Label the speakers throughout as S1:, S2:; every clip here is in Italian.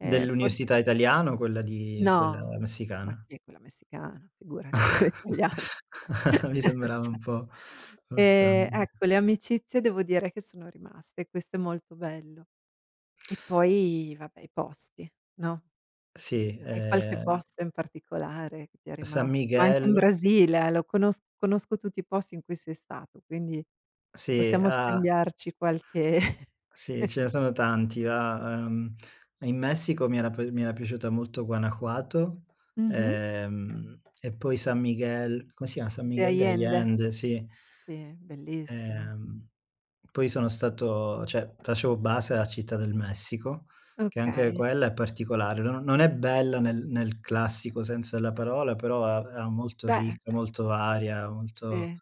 S1: Eh forse
S2: Dell'università italiana, o quella di quella
S1: No, ma
S2: messicana?
S1: che quella messicana, figurati quella italiana
S2: Mi sembrava
S1: cioè.
S2: un po', ehm, strano,
S1: E,
S2: sì.
S1: ecco, le amicizie devo dire che sono rimaste, questo è molto bello. E poi vabbè, i posti, no?
S2: Sì,
S1: Hai qualche
S2: eh
S1: posto in particolare che ti è rimas
S2: San
S1: ma anche in
S2: Miguel.
S1: Brasile eh, lo conos conosco tutti i posti in cui sei stato, quindi
S2: Sì,
S1: possiamo
S2: ah!
S1: scambiarci qualche
S2: Sì, ce ne sono tanti, va. Ehm, in Messico mi era p mi era piaciuta molto Guanajuato,
S1: Mh-mh.
S2: ehm, e poi San Miguel, come si chiama, San
S1: De
S2: Miguel de
S1: Allende.
S2: Allende, sì.
S1: Sì, bellissima.
S2: Ehm, poi sono stato cioè facevo base a Città del Messico, che anche
S1: Okay.
S2: quella è particolare. No non è bella nel nel classico senso della parola, però a era molto
S1: Beh.
S2: ricca, molto varia, molto
S1: Sì.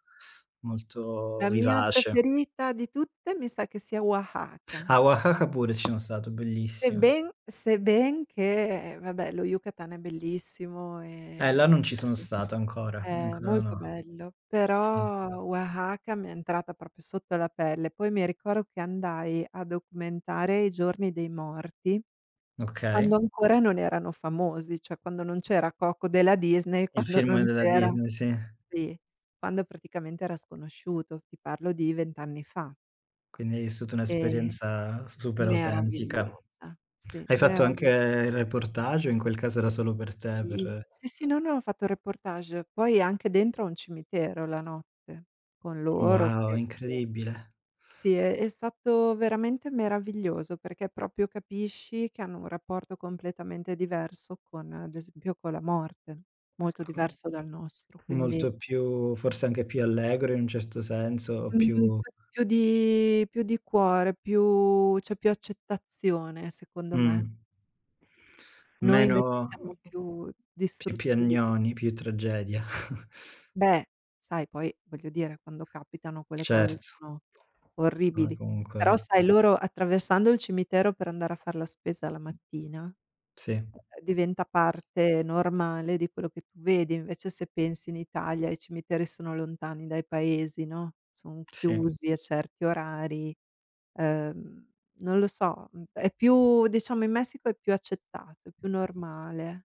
S2: molto
S1: La mia
S2: vivace.
S1: preferita di tutte, mi sa che sia Oaxaca.
S2: A Oaxaca pure ci sono stato, bellissima.
S1: Sebben sebben che vabbè, lo Yucatan è bellissimo
S2: Eh
S1: e
S2: là non ci sono
S1: [unintelligible]
S2: stato ancora, no
S1: eh,
S2: ancora
S1: molto
S2: no.
S1: bello,
S2: Sì.
S1: però Oaxaca mi è entrata proprio sotto la pelle. Poi mi ricordo che andai a documentare i Giorni dei Morti
S2: Okay.
S1: quando ancora non erano famosi, cioè quando non c'era Coco della Disney,
S2: Il
S1: quando
S2: film
S1: non
S2: della
S1: c'era
S2: Disney, sì.
S1: sì, quando praticamente era sconosciuto. Ti parlo di 20 anni fa.
S2: Quindi hai vissuto
S1: E
S2: un'esperienza super autentica.
S1: meravigliosa, sì,
S2: Hai fatto anche
S1: meravi
S2: il reportage o in quel caso era solo per te,
S1: Sì,
S2: per
S1: sì, sì, non ho fatto reportage, poi anche dentro a un cimitero la notte con loro
S2: Wow,
S1: [unintelligible]
S2: incredibile.
S1: sì è è stato veramente meraviglioso, perché proprio capisci che hanno un rapporto completamente diverso con, ad esempio, con la morte, molto
S2: [unintelligible]
S1: diverso dal nostro, quindi
S2: Molto più forse anche più allegro in un certo senso, o
S1: Mh-mh,
S2: più
S1: c'è più di più di cuore, più c'è più accettazione secondo me.
S2: Mh.
S1: Noi
S2: Meno
S1: invece
S2: o
S1: siamo
S2: o
S1: più
S2: più
S1: distruttivi.
S2: piagnoni, più tragedia.
S1: Beh, sai poi, voglio dire, quando capitano quelle cose
S2: Certo.
S1: sono
S2: Sono
S1: orribili, però
S2: comunque
S1: sai loro, attraversando il cimitero per andare a far la spesa la mattina
S2: Sì.
S1: e ehm, diventa parte normale di quello che tu vedi. Invece se pensi in Italia i cimiteri sono lontani dai paesi, no, son
S2: Sì.
S1: chiusi a certi orari. Ehm, non lo so, è più diciamo, in Messico è più accettato, è più normale.